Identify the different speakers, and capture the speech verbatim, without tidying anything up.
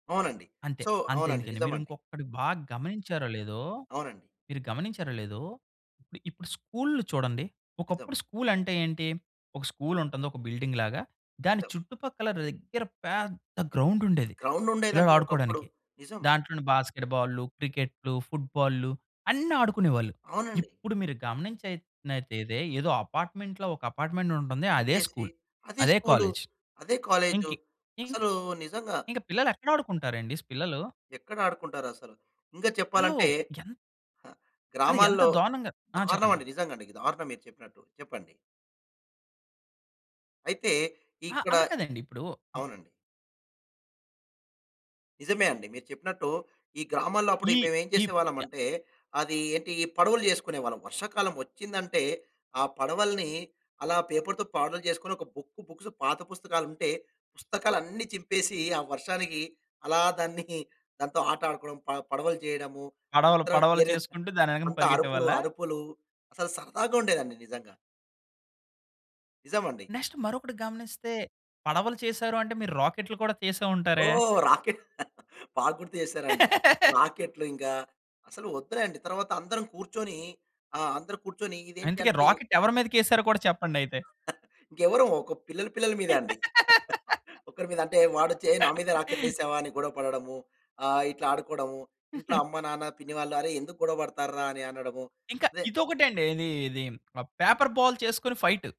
Speaker 1: అవునండి.
Speaker 2: అంతే.
Speaker 1: సో అవునండి.
Speaker 2: అంతెందుకండి, మీరు
Speaker 1: నిజమండి.
Speaker 2: ఇంకొక్కటి బాగా గమనించారో లేదో,
Speaker 1: అవునండి.
Speaker 2: మీరు గమనించారో లేదో, ఇప్పుడు ఇప్పుడు స్కూల్లు చూడండి.
Speaker 1: నిజం.
Speaker 2: ఒకప్పుడు స్కూల్ అంటే ఏంటి? ఒక స్కూల్ ఉంటుంది, ఒక బిల్డింగ్ లాగా, దాని
Speaker 1: నిజం.
Speaker 2: చుట్టుపక్కల దగ్గర పెద్ద గ్రౌండ్ ఉండేది,
Speaker 1: గ్రౌండ్ ఉండేదండి ఒకప్పుడు.
Speaker 2: పిల్లలాడుకోడానికి.
Speaker 1: నిజం.
Speaker 2: దాంట్లోనే బాస్కెట్‌ బాల్లు, క్రికెట్లు, ఫుట్ బాల్లు, అన్నీ ఆడుకునేవాళ్ళు.
Speaker 1: అవునండి.
Speaker 2: ఇప్పుడు మీరు గమనించైనాతెదే ఏదో అపార్ట్మెంట్‌లో ఒక అపార్ట్మెంటుంటుంది. అదే
Speaker 1: పెట్టేసి,
Speaker 2: స్కూల్.
Speaker 1: అదే
Speaker 2: అదే
Speaker 1: స్కూలు.
Speaker 2: కాలేజ్.
Speaker 1: అదే కాలేజు.
Speaker 2: ఇంకి ఇంక్
Speaker 1: అసలు నిజంగా
Speaker 2: ఇంకా పిల్లలు ఎక్కడ ఆడుకుంటారండి పిల్లలు?
Speaker 1: ఎక్కడ ఆడుకుంటారసలు? ఇంకా
Speaker 2: ఆల్లు
Speaker 1: చెప్పాలంటే
Speaker 2: ఎంత్ ఆళ్ళు ఎంత
Speaker 1: గ్రామాల్లో,
Speaker 2: దారుణంగా ఆ!
Speaker 1: దారుణం
Speaker 2: చెప్పండి.
Speaker 1: అండి. నిజంగండి. దారుణం మీరు చెప్పినట్టు. చెప్పండి. అయితే
Speaker 2: అహా,
Speaker 1: ఇక్కడ
Speaker 2: అలా కాదండి. ఇప్పుడు
Speaker 1: అవునండి. నిజమే అండి. మీరు చెప్పినట్టు ఈ గ్రామాల్లో అప్పుడు
Speaker 2: ఈ
Speaker 1: మేము ఏం
Speaker 2: ఈప్ చ
Speaker 1: చేసేవాళ్లమంటే, అది ఏంటి, ఈ పడవలు చేసుకునేవాళ్ళం వర్షాకాలం వచ్చిందంటే, ఆ పడవల్ని అలా పేపర్‌తో పడవలు చేసుకొని, ఒక బుక్కు బుక్స్ పాత పుస్తకాలుంటే, పుస్తకాలన్నీ చింపేసి, ఆ వర్షానికి అలా దాన్ని, దాంతో ఆట ఆడుకోవడం ప పడవలు చేయడము.
Speaker 2: పడవలు.
Speaker 1: తరువాత
Speaker 2: పడవలు
Speaker 1: [unintelligible]
Speaker 2: చేసుకుంటూ దాని వెనకన
Speaker 1: అంతా అరుపులు,
Speaker 2: పరిగెట్టేవాళ్ళ?
Speaker 1: అరుపులు. అసలు సరదాగుండేదండి నిజంగా. నిజమండి.
Speaker 2: నెక్స్ట్ మరొకటి గమనిస్తే, పడవలు చేసారు అంటే, మీరు రాకెట్లు కూడా చేసే ఉంటారే?
Speaker 1: ఓహ్! రాకెట్, బాగా గుర్తు చేసారండి. రాకెట్లు, ఇంగా అసలు వద్దులేండి, తర్వాత అందరం కూర్చొని ఆహ్, అందరు కూర్చొని
Speaker 2: అందుకే,
Speaker 1: ఇదేంటంటే
Speaker 2: రాకెట్ ఎవరి మీదకేసారో కూడా చెప్పండయితే?
Speaker 1: ఇంకెవరం! ఒక పిల్లల, పిల్లల మీదే అండి. ఒకరి మీదంటే వాడొచ్చి, "హే నా మీద రాకెట్లేసావా?" అని గొడవ పడడము. ఆహ్, ఇట్లా ఆడుకోవడము. ఇంట్లో అమ్మ, నాన్న, పిన్ని వాళ్ళు, "అరె ఎందుకు గొడవపడతార్రా" అని అనడము.
Speaker 2: ఇంకా,
Speaker 1: అదే
Speaker 2: ఇదొకటి అండి ఇది, ఇది ఆహ్, పేపర్ బాల్ చేసుకొని ఫైట్.